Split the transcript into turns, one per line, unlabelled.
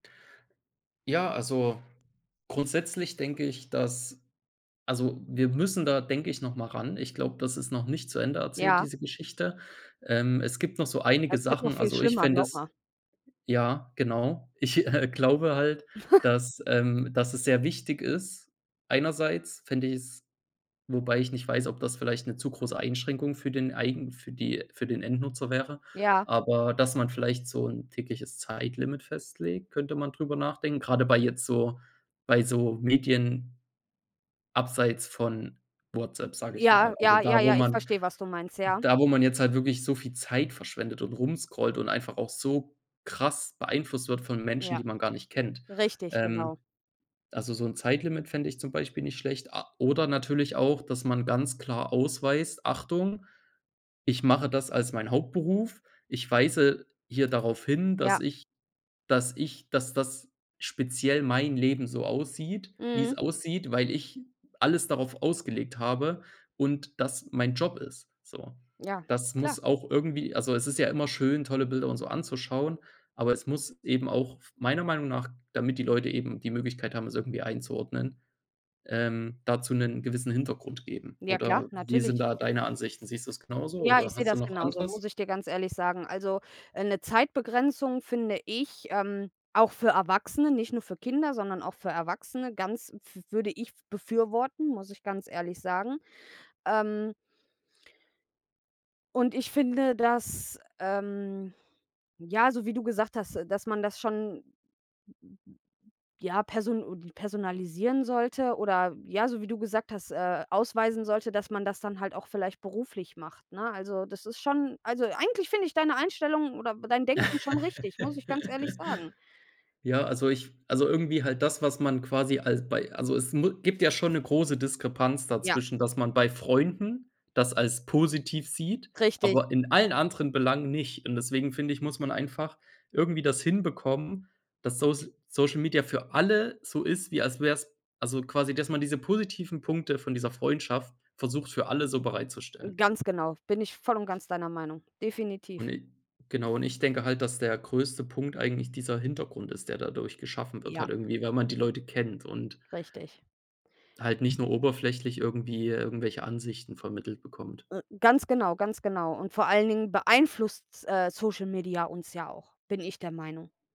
Ja, also grundsätzlich denke ich, dass also wir müssen da denke ich, noch mal ran. Ich glaube, das ist noch nicht zu Ende erzählt,
Ja.
diese Geschichte. Ähm, es gibt noch so einige
Das wird noch
Sachen,
viel
also ich
schlimmer,
fände
glaube
es
mal.
ja, genau, ich, äh, glaube halt, dass, ähm dass es sehr wichtig ist, einerseits fände ich es wobei ich nicht weiß, ob das vielleicht 'ne zu große Einschränkung für den eigen für die für den Endnutzer wäre,
Ja.
aber dass man vielleicht so 'n tägliches Zeitlimit festlegt, könnte man darüber nachdenken. Gerade bei jetzt so bei so Medien abseits von WhatsApp, sage ich mal,
Ja,
also
ja, ja,
da wo
ja, ich
man
verstehe was du meinst, ja.
da, wo man jetzt halt wirklich so viel Zeit verschwendet und rum scrollt und einfach auch so krass beeinflusst wird von Menschen,
Ja,
die man gar nicht kennt.
richtig,
Ähm,
genau.
also so 'n Zeitlimit fände ich zum Beispiel nicht schlecht. A oder natürlich auch, dass man ganz klar ausweist: „Achtung, ich mache das als mein Hauptberuf. Ich weise hier darauf hin, dass
Ja.
ich dass ich dass das speziell mein Leben so aussieht, wie es
Mhm.
aussieht, weil ich alles darauf ausgelegt habe und das mein Job ist“, so.
Ja,
Das
klar.
muss auch irgendwie also es ist ja immer schön, tolle Bilder und so anzuschauen, aber es muss eben auch f meiner Meinung nach, damit die Leute eben die Möglichkeit haben, es irgendwie einzuordnen, ähm, dazu 'nen gewissen Hintergrund geben
Ja klar,
oder wie sind
natürlich.
da deine Ansichten? Siehst du das genauso
Ja,
oder
ich sehe
hast du
das
noch
genauso, muss
anderes?
ich dir ganz ehrlich sagen. Also, äh, 'ne Zeitbegrenzung finde ich, ähm, auch für Erwachsene, nicht nur für Kinder, sondern auch für Erwachsene ganz pf würde ich befürworten, muss ich ganz ehrlich sagen, ähm und ich finde das, ähm ja, so wie du gesagt hast, dass man das schon, m m m m ja, person personalisieren sollte oder, ja, so wie du gesagt hast, äh, ausweisen sollte, dass man das dann halt auch vielleicht beruflich macht, ne? Also, das ist schon also eigentlich finde ich deine Einstellung oder dein Denken schon richtig, muss ich ganz ehrlich sagen.
Ja, also ich also irgendwie halt das, was man quasi als bei also es mu gibt ja schon 'ne große Diskrepanz
Ja.
dazwischen, dass man bei Freunden das als positiv sieht,
Richtig.
aber in allen anderen Belangen nicht und deswegen finde ich, muss man einfach irgendwie das hinbekommen, dass Sosl Social Media für alle so ist, wie als wäre es also quasi, dass man diese positiven Punkte von dieser Freundschaft versucht, für alle so bereitzustellen.
Ganz genau, bin ich voll und ganz deiner Meinung,
Und
definitiv.
i genau. Und, ich denke halt, dass der größte Punkt eigentlich dieser Hintergrund ist der dadurch geschaffen wird
Ja.
halt irgendwie wenn man die Leute kennt und
Richtig.
halt nicht nur oberflächlich irgendwie irgendwelche Ansichten vermittelt bekommt.
Äh, ganz genau, ganz genau und vor allen Dingen beeinflusst s äh, Social Media uns ja auch, bin ich der Meinung.